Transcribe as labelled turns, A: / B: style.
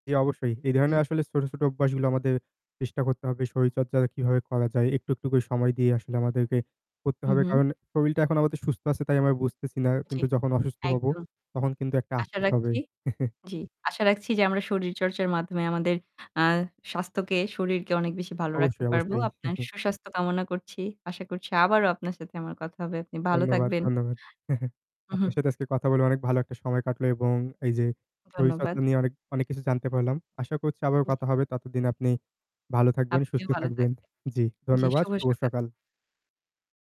A: জী, অবশ্যই। এ ধরনের
B: জি।
A: আসলে ছোট, ছোট অভ্যাসগুলো আমাদের চেষ্টা করতে হবে। শরীরচর্চা কিভাবে করা যায়। একটু, একটু করে সময় দিয়ে আসলে আমাদেরকে করতে হবে।
B: উহু।
A: কারণ শরীরটা এখন আমাদের সুস্থ আছে তাই আমরা বুঝতেছি না।
B: জী,
A: কিন্তু যখন অসুস্থ হব
B: একদম।
A: তখন কিন্তু একটা
B: আশা
A: আফসোস হবে।
B: রাখছি। জ্বি। আশা রাখছি যে আমরা শরীরচর্চার মাধ্যমে আমাদের আ স্বাস্থ্যকে শরীরকে অনেক বেশি ভালো রাখতে
A: অবশ্যই,
B: পারবো।
A: অবশ্যই।
B: আপনার সুস্বাস্থ্য কামনা করছি। আশা করছি আবারও আপনার সাথে আমার কথা হবে। আপনি ভালো
A: ধন্যবাদ,
B: থাকবেন।
A: ধন্যবাদ। আপনার
B: উহু।
A: সাথে আজকে কথা বলে অনেক ভালো একটা সময় কাটলো এবং এই যে শরীর চর্চা
B: ধন্যবাদ।
A: নিয়ে অনেক, অনেক কিছু জানতে পারলাম। আশা করছি আবারও
B: জি।
A: কথা হবে। ততদিন আপনি ভালো থাকবেন, সুস্থ
B: আপনিও ভালো
A: থাকবেন।
B: থাকবেন।
A: জি,
B: জি
A: ধন্যবাদ।
B: শুভ
A: শুভ
B: সকাল।
A: সকাল।